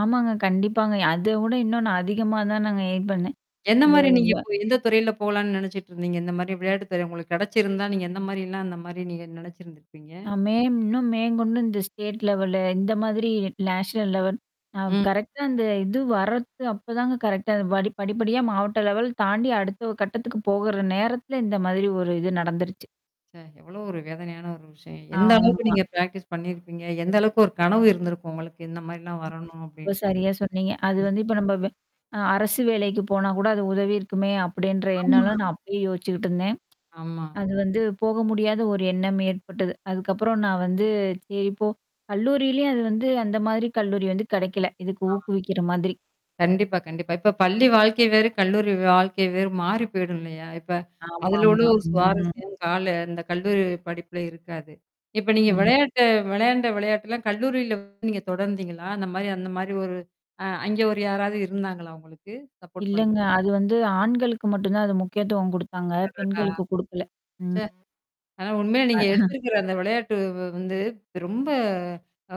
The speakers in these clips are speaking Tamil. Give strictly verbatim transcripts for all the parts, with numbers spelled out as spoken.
ஆமாங்க. கண்டிப்பாங்க. அதவிட இன்னும் நான் அதிகமா தான் நாங்க எயிம் பண்ணேன். இந்த எந்தமாரி நீங்க இவ்வ இப்போ எந்த துறையில போலான்னு நினச்சிட்டு இருந்தீங்க? இந்தமாரி விளையாட்டு துறை உங்களுக்கு கிடைச்சிருந்தா, நீங்க எந்த மாரிலாம், அந்தமாரி நீங்க நினச்சிருந்திருப்பீங்க? மே இன்னும் இன்னும் மேங்கொண்டு இந்த ஸ்டேட் லெவலு இந்தமாரி நேஷனல் லெவல். அ ம். கரெக்ட்டா அந்த இது வர்றது அப்ப தாங்க கரெக்ட்டா அ படி படிப்படியா மாவட்ட லெவல் தாண்டி அடுத்த கட்டத்துக்கு போகுற நேரத்தல இந்த மாதிரி ஒரு இது நடந்துருச்சு. சே! எவ்வளோ ஒரு வேதனையான ஒரு விஷயம். எந்த அளவுக்கு ஆமா. நீங்க பிரக்டிஸ் பண்ணியிருப்பீங்க? எந்த அளவுக்கு ஒரு கனவு இருந்திருக்கும் உங்களுக்கு. இந்தமாரிலாம் [unintelligible] வரணும் அப்பிடின்ட்டு. சரியா சொன்னீங்க. அது [unintelligible] வந்து இப்ப நம்ப அ அரசு வேலைக்கு போனா கூட அது உதவி இருக்குமே! அப்பிடின்ற ஆமா. எண்ணம்லாம் நான் அப்பயே யோசிச்சுக்கிட்டு இருந்தேன். ஆமா. அது வந்து போக முடியாத ஒரு எண்ணம் ஏற்பட்டது. அதுக்கப்புறம் நான் வந்து சரி போ கல்லூரியிலயும் அது வந்து அந்த மாதிரி கல்லூரி வந்து கிடைக்கல. இதுக்கு ஆ. ஊக்குவிக்கிற மாதிரி. கண்டிப்பா, கண்டிப்பா. இப்ப பள்ளி வாழ்க்கை வேறு, கல்லூரி வாழ்க்கை வேறு மாறி போயிடும் இல்லயா! இப்ப அதுல உள்ள ஆமாமா. ஒரு ம். சுவாரஸ்யம் கால அந்த கல்லூரி படிப்பில இருக்காது. இப்ப நீங்க ம். விளையாட்ட விளையாண்ட விளையாட்டுல்லாம் கல்லூரியில வந்து நீங்க தொடர்ந்தீங்களா? அந்தமாரி அந்தமாரி ஒரு அ அங்க ஒரு யாராவது இருந்தாங்களா உங்களுக்கு? சப்போர்ட் பண் இல்லங்க. அது வந்து ஆண்களுக்கு மட்டும் தான் அது முக்கியத்துவம் குடுத்தாங்க. அடடா! பெண்களுக்கு குடுக்கல. சே! ம். ஆனா, உண்மையில அ. நீங்க எடுத்திருக்கிற அந்த விளையாட்டு வ் வந்து ரொம்ப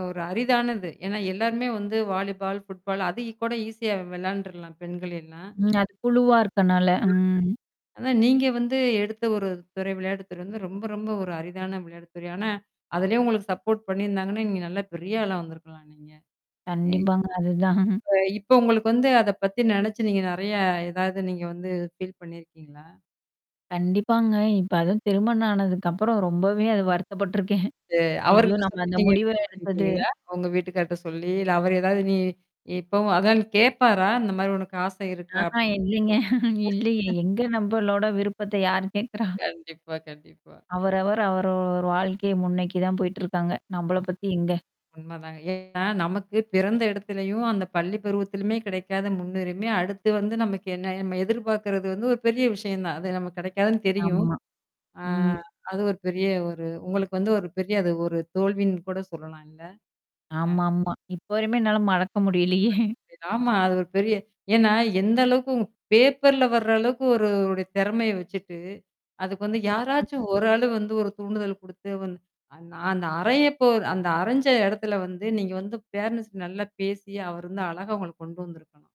ஒரு அரிதானது. ஏன்னா எல்லாருமே வந்து வாலிபால், ஃபுட்பால் அதுக்கு கூட ஈஸியா விளையாண்டுர்லாம் பெண்கள் எல்லாம். ம். அது குழுவா இருக்கனால. ம். [unintelligible] அதான் நீங்க வந்து எடுத்த ஒரு துறை, விளையாட்டுத்துறை வந்து ரொம்ப ரொம்ப ஒரு அரிதான விளையாட்டுத்துறை. ஆனா, அதிலேயே உங்களுக்கு சப்போர்ட் பண்ணியிருந்தாங்கன்னா, நீங்க நல்லா பெரிய ஆளா வந்திருக்கலாம் நீங்க. அ. கண்டிப்பாங்க. அதுதான். அ இப்ப உங்களுக்கு வந்து அத பத்தி நினச்சு நீங்க நெறையா, எதாவது நீங்க வந்து ஃபீல் பண்ணியிருக்கீங்களா? கண்டிப்பாங்க. இப்ப அதுவும் திருமணம் ஆனதுக்கப்புறம் ரொம்பவே அது வருத்தப்பட்டுருக்கேன். சே! ஐயோ! அவர்கிட்ட நம்ம சொல்லி அந்த நீங்க முடிவ எடுத்தது [unintelligible] உங்க வீட்டுக்கார்ட்ட சொல்லி. இல்ல அவரு ஏதாவது நீ இப்பவும் அதான் நீ கேட்பாரா? அந்தமாரி உனக்கு ஆசை இருக்கா? ஆஹா. அப்பிடின்னு? இல்லைங்க. இல்லயே. எங்க நம்பளோட விருப்பத்த யார் கேட்குறா? கண்டிப்பா, கண்டிப்பா. அவரவர் அவரவர் வாழ்க்கைய முன்னோக்கி தான் போயிட்டுருக்காங்க. நம்பள [unintelligible] பத்தி எங்க? உண்மை தாங்க. ஏன்னா நமக்கு பிறந்த இடத்துலயும், அந்த பள்ளி பருவத்திலயுமே கிடைக்காத முன்னுரிமை, அடுத்து வந்து நமக்கு என்ன நம்ம எதிர்பார்கிறது வந்து ஒரு பெரிய விஷயம் தான். அது நமக்கு கிடைக்காதுன்னு தெரியும். ஆமா. ஆ ம். அது ஒரு பெரிய ஒரு உங்களுக்கு வந்து ஒரு பெரிய அது ஒரு தோல்வின்னு கூட சொல்லலாம் இல்ல? அ. ஆமாமா. இப்போ வரையுமே என்னால மறக்க முடியலையே! ஆமா. அது ஒரு பெரிய ஏன்னா எந்த அளவுக்கு உ பேப்பர்ல வர அளவுக்கு ஒரு, ஒருவருடைய திறமைய வச்சுட்டு, அதுக்கு வந்து யாராச்சும் ஒரு ஆளு வந்து ஒரு தூண்டுதல் குடுத்து வந் அந் நான் அந்த அறையபோர் அந்த அறைஞ்ச இடத்துல வந்து நீங்க வந்து பேரன்ட்ஸ் நல்லா பேசி அவர் வந்து அழகா உங்கள கொண்டு வந்திருக்கலாம்.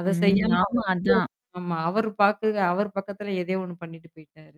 அத ம். செய்யாம அவர் ஆமா. அதான். வந்து ஆமா. அவர் பாக்குக அவர் பக்கத்தில எதையோ ஒண்ணு பண்ணிட்டு போயிட்டாரு.